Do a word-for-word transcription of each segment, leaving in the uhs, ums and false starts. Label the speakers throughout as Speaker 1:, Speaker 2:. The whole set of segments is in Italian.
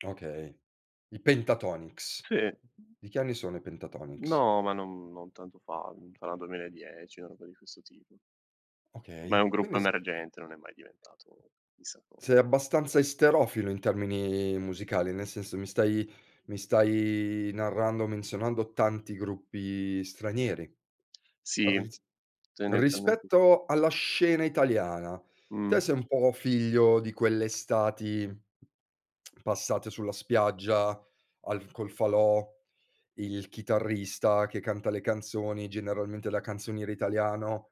Speaker 1: Okay. I Pentatonix.
Speaker 2: Sì.
Speaker 1: Di che anni sono i Pentatonix?
Speaker 2: No, ma non non tanto fa. Mhmm, sarà duemiladieci, na roba di questo tipo. Ma
Speaker 1: Okay.
Speaker 2: è un
Speaker 1: Quindi
Speaker 2: gruppo
Speaker 1: s
Speaker 2: emergente. Non è mai diventato chissà co
Speaker 1: sei abbastanza esterofilo in termini musicali? Nel senso mi stai mi stai narrando menzionando tanti gruppi stranieri.
Speaker 2: Sì.
Speaker 1: Ris
Speaker 2: Tendenzialmente
Speaker 1: rispetto alla scena italiana, te
Speaker 2: Mh.
Speaker 1: sei un po' figlio di quelle estati passate sulla spiaggia al col falò, il chitarrista che canta le canzoni, generalmente la canzoniera italiano,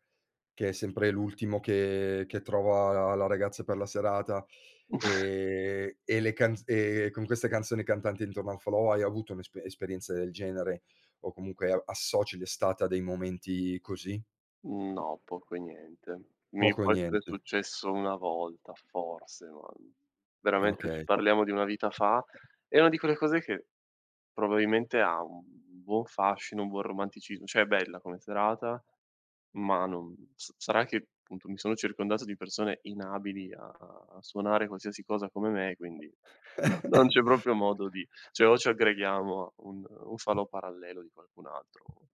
Speaker 1: che è sempre l'ultimo che che trova la la ragazza per la serata, ehm, e le canz ehm, con queste canzoni cantanti intorno ai falò hai avuto un'espe esperienza del genere o comunque a associ l'estate a dei momenti così?
Speaker 2: Mhmm, no, poco e niente. Mi
Speaker 1: Poco o
Speaker 2: può essere
Speaker 1: niente.
Speaker 2: successo una volta forse, ma veramente, se
Speaker 1: Okay.
Speaker 2: parliamo di una vita fa, è una di quelle cose che probabilmente ha un un buon fascino, un buon romanticismo ceh bella come serata, ma non sa sarà che, appunto, mi sono circondato di persone inabili a suonare qualsiasi cosa come me, quindi non non c'è proprio modo di ceh o ci aggreghiamo a un un falò parallelo di qualcun altro o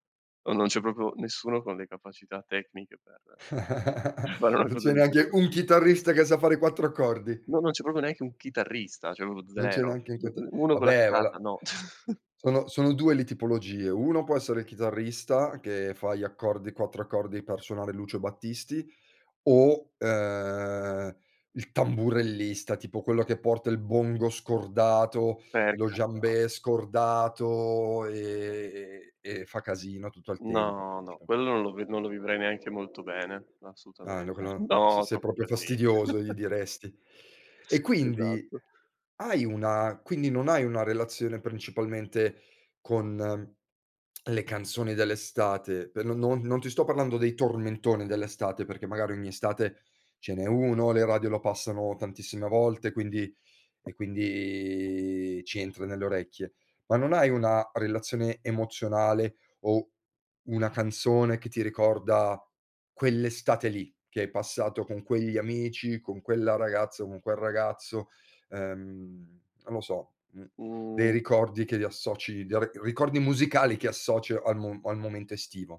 Speaker 2: o non c'è proprio nessuno con le capacità tecniche per fare una
Speaker 1: Non
Speaker 2: cosa
Speaker 1: c'è
Speaker 2: di
Speaker 1: neanche
Speaker 2: questo
Speaker 1: un
Speaker 2: ti
Speaker 1: chitarrista che sa fare quattro accordi?
Speaker 2: No, non c'è proprio neanche un chitarrista, ceh propio
Speaker 1: Non c'è
Speaker 2: zero.
Speaker 1: neanche in queta
Speaker 2: uno con la
Speaker 1: vabbè valà.
Speaker 2: chitarra, no.
Speaker 1: Sono sono due le tipologie: uno può essere il chitarrista che fa gli accordi quattro accordi per suonare Lucio Battisti, o, ehm, il tamburellista, tipo quello che porta il bongo scordato,
Speaker 2: Per
Speaker 1: lo
Speaker 2: carità.
Speaker 1: djembè scordato e ehm, e fa casino tutto il tempo,
Speaker 2: No, no,
Speaker 1: principa
Speaker 2: quello non lo ve non lo vivrei neanche molto bene, assolutamente.
Speaker 1: [unintelligible]
Speaker 2: No,
Speaker 1: "Sei
Speaker 2: troppo
Speaker 1: proprio
Speaker 2: casi
Speaker 1: fastidioso", gli diresti. E quindi
Speaker 2: Esatto.
Speaker 1: hai una quindi non hai una relazione principalmente con le canzoni dell'estate? Per non non ti sto parlando dei tormentoni dell'estate, perché magari ogni estate ce n'è uno, le radio lo passano tantissime volte, quindi e quindi ci entra nelle orecchie. Ma non hai una relazione emozionale o una canzone che ti ricorda quell'estate lì che hai passato con quegli amici, con quella ragazza, con quel ragazzo, uhm, non lo so, mhmm, dei
Speaker 2: Mh.
Speaker 1: ricordi che li associ dei ri ricordi musicali che associ al mo al momento estivo?